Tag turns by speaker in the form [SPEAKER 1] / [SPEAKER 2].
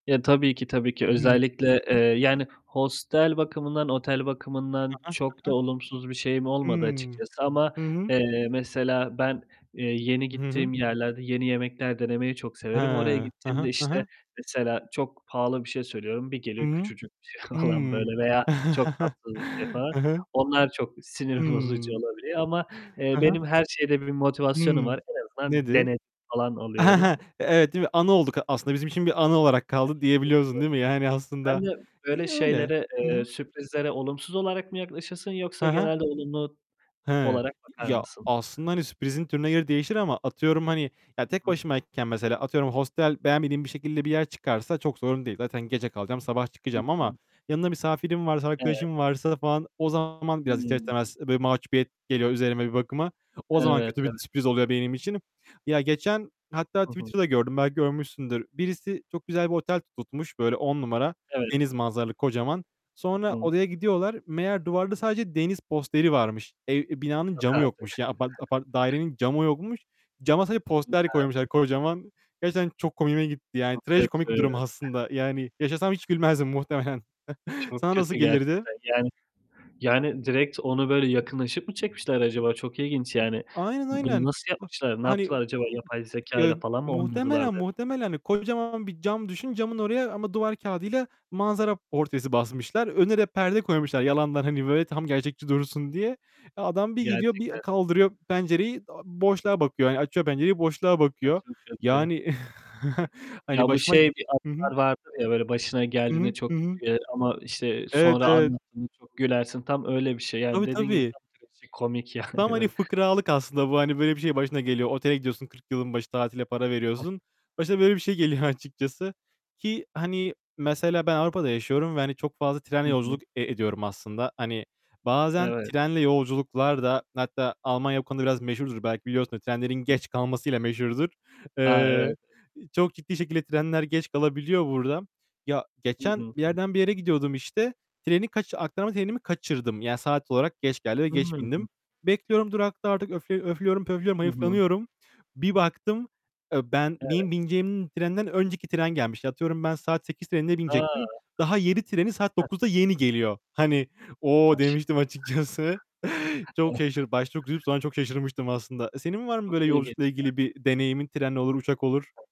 [SPEAKER 1] Ya tabii ki, tabii ki
[SPEAKER 2] Hımm.
[SPEAKER 1] özellikle, eee,
[SPEAKER 2] Hı hı.
[SPEAKER 1] yani hostel bakımından, otel
[SPEAKER 2] He
[SPEAKER 1] bakımından
[SPEAKER 2] he,
[SPEAKER 1] çok
[SPEAKER 2] he
[SPEAKER 1] da
[SPEAKER 2] he.
[SPEAKER 1] olumsuz bir şeyim olmadı
[SPEAKER 2] Hımm.
[SPEAKER 1] açıkçası ama,
[SPEAKER 2] Hı hı.
[SPEAKER 1] eee, mesela ben, eee, yeni
[SPEAKER 2] Hı hı.
[SPEAKER 1] gittiğim yerlerde yeni yemekler denemeyi çok
[SPEAKER 2] He,
[SPEAKER 1] severim. Oraya
[SPEAKER 2] he he,
[SPEAKER 1] gittiğimde
[SPEAKER 2] he he.
[SPEAKER 1] işte mesela çok pahalı bir şey söylüyorum. Bir
[SPEAKER 2] Hı,
[SPEAKER 1] geliyor küçücük bir şey falan
[SPEAKER 2] hımm,
[SPEAKER 1] böyle veya çok tatsız bir şey falan,
[SPEAKER 2] hı hı.
[SPEAKER 1] onlar çok sinir bozucu
[SPEAKER 2] Hımm.
[SPEAKER 1] olabiliyor ama, eee,
[SPEAKER 2] Hı hı.
[SPEAKER 1] benim her şeyde bir motivasyonum
[SPEAKER 2] Hımm,
[SPEAKER 1] var. En azından
[SPEAKER 2] nedir?
[SPEAKER 1] dene falan oluyorum.
[SPEAKER 2] Evet, değil mi? Anı olduk. Aslında bizim için bir anı olarak
[SPEAKER 1] Evet,
[SPEAKER 2] kaldı
[SPEAKER 1] evet, evet.
[SPEAKER 2] diyebiliyorsun değil mi? Yani aslında
[SPEAKER 1] Sen de böyle
[SPEAKER 2] iyi öyle.
[SPEAKER 1] şeylere,
[SPEAKER 2] Hı
[SPEAKER 1] eee,
[SPEAKER 2] hı.
[SPEAKER 1] sürprizlere olumsuz olarak mı yaklaşırsın
[SPEAKER 2] He
[SPEAKER 1] yoksa
[SPEAKER 2] he.
[SPEAKER 1] genelde olumlu
[SPEAKER 2] He,
[SPEAKER 1] olarak bakar
[SPEAKER 2] ya
[SPEAKER 1] mısın?
[SPEAKER 2] aslında hani sürprizin türüne göre değişir ama atıyorum hani ya
[SPEAKER 1] Hı
[SPEAKER 2] tek
[SPEAKER 1] hı.
[SPEAKER 2] başımayken mesela atıyorum hostel beğenmediğim bir şekilde bir yer çıkarsa çok sorun değil. Zaten gece kalacağım, sabah
[SPEAKER 1] Hı
[SPEAKER 2] çıkacağım ama
[SPEAKER 1] hı.
[SPEAKER 2] yanımda misafirim varsa,
[SPEAKER 1] Evet.
[SPEAKER 2] arkadaşım varsa falan o zaman, biraz ister
[SPEAKER 1] Hıı.
[SPEAKER 2] istemez böyle mahcubiyet geliyor üzerime bir bakıma, o zaman
[SPEAKER 1] Evet,
[SPEAKER 2] kötü
[SPEAKER 1] ev
[SPEAKER 2] bir sürpriz oluyor benim için. Ya geçen, hatta
[SPEAKER 1] Hı hı.
[SPEAKER 2] Twitter'da gördüm. Belki görmüşsündür. Birisi çok güzel bir otel tutmuş. Böyle 10 numara
[SPEAKER 1] Evet.
[SPEAKER 2] deniz manzaralı, kocaman.
[SPEAKER 1] Hı
[SPEAKER 2] Sonra
[SPEAKER 1] hı.
[SPEAKER 2] odaya gidiyorlar. Meğer duvarda sadece deniz posteri varmış. Eee, binanın
[SPEAKER 1] Yok
[SPEAKER 2] camı
[SPEAKER 1] artık.
[SPEAKER 2] yokmuş. Ya apart apart dairenin camı yokmuş. Cama sadece
[SPEAKER 1] Yok
[SPEAKER 2] poster koymuşlar
[SPEAKER 1] artık.
[SPEAKER 2] kocaman. Gerçekten çok komiğime gitti. Yani
[SPEAKER 1] Çok
[SPEAKER 2] trajikomik bir
[SPEAKER 1] kötü.
[SPEAKER 2] durum aslında. Yani yaşasam hiç gülmezdim muhtemelen.
[SPEAKER 1] Çok
[SPEAKER 2] Sana nasıl
[SPEAKER 1] kötü
[SPEAKER 2] gelirdi?
[SPEAKER 1] gerçekten. Yani, yani direkt onu böyle yakınlaşıp mı çekmişler acaba? Çok ilginç yani.
[SPEAKER 2] Aynen,
[SPEAKER 1] Bunu
[SPEAKER 2] aynen.
[SPEAKER 1] nasıl yapmışlar, ne
[SPEAKER 2] Hani
[SPEAKER 1] yaptılar
[SPEAKER 2] [unintelligible]
[SPEAKER 1] acaba,
[SPEAKER 2] ııı,
[SPEAKER 1] yapay zekayla
[SPEAKER 2] eee,
[SPEAKER 1] falan mı oynadılar
[SPEAKER 2] muhtemelen,
[SPEAKER 1] de
[SPEAKER 2] muhtemelen hani, kocaman bir cam düşün, camın oraya ama duvar kağıdıyla manzara portresi basmışlar. Önüne de perde koymuşlar yalandan hani böyle tam gerçekçi dursun diye. Eee, adam bir gidiyor, bir
[SPEAKER 1] Gerçekten.
[SPEAKER 2] kaldırıyor pencereyi boşluğa bakıyor. Hani açıyor pencereyi boşluğa
[SPEAKER 1] Ya
[SPEAKER 2] bakıyor.
[SPEAKER 1] çok kötü.
[SPEAKER 2] Yani hani
[SPEAKER 1] Ya bu
[SPEAKER 2] başıma
[SPEAKER 1] şey bir
[SPEAKER 2] Hı hı.
[SPEAKER 1] anılar vardır ya, böyle başına
[SPEAKER 2] Hı
[SPEAKER 1] geldiğinde
[SPEAKER 2] hı. Hı
[SPEAKER 1] çok kötü
[SPEAKER 2] hı.
[SPEAKER 1] gelir ama işte
[SPEAKER 2] Evet,
[SPEAKER 1] sonra
[SPEAKER 2] evet.
[SPEAKER 1] anlattın mı çok gülersin, tam öyle bir şey. Yani
[SPEAKER 2] Tabii
[SPEAKER 1] dediğin gibi
[SPEAKER 2] tabii.
[SPEAKER 1] tam trajikomik yani
[SPEAKER 2] Tam hani
[SPEAKER 1] öyle.
[SPEAKER 2] fıkralık aslında bu. Hani böyle bir şeyin başına geliyor. Otele gidiyorsun, 40 yılın başı tatile para
[SPEAKER 1] Hı.
[SPEAKER 2] veriyorsun. Başına böyle bir şey geliyor açıkçası. Ki hani, mesela ben Avrupa'da yaşıyorum ve hani çok fazla
[SPEAKER 1] Hı
[SPEAKER 2] trenle
[SPEAKER 1] hı.
[SPEAKER 2] yolculuk e ediyorum aslında. Hani bazen
[SPEAKER 1] Evet.
[SPEAKER 2] trenle yolculuklar da, hatta Almanya bu konuda biraz meşhurdur, belki biliyorsun trenlerin
[SPEAKER 1] Hı.
[SPEAKER 2] geç kalmasıyla meşhurdur.
[SPEAKER 1] Ha,
[SPEAKER 2] Eee,
[SPEAKER 1] evet.
[SPEAKER 2] çok ciddi şekilde trenler geç kalabiliyor burada. Ya
[SPEAKER 1] Hı hı,
[SPEAKER 2] geçen bir
[SPEAKER 1] hı.
[SPEAKER 2] yerden bir yere gidiyordum işte, treni kaç aktarma trenimi kaçırdım. Yani saat olarak geç geldi ve geç
[SPEAKER 1] Hı.
[SPEAKER 2] bindim. Bekliyorum, durakta artık, öfle öflüyorum, pöflüyorum,
[SPEAKER 1] Hı hı.
[SPEAKER 2] hayıflanıyorum. Bir baktım, eee, ben
[SPEAKER 1] Evet.
[SPEAKER 2] benim bineceğim trenden önceki tren gelmişti. Atıyorum ben saat 8.00 trenine
[SPEAKER 1] A!
[SPEAKER 2] binecektim. Daha 7.00 treni saat
[SPEAKER 1] Hı.
[SPEAKER 2] 9.00'da yeni geliyor. Hani "O!"
[SPEAKER 1] Maşallah.
[SPEAKER 2] demiştim açıkçası. Çok şaşırdı başta çok üzülüp sonra çok şaşırmıştım aslında. Senin var mı
[SPEAKER 1] Çok
[SPEAKER 2] böyle yolculukla
[SPEAKER 1] ilginç ya.
[SPEAKER 2] ilgili bir deneyimin, tren olur, uçak olur?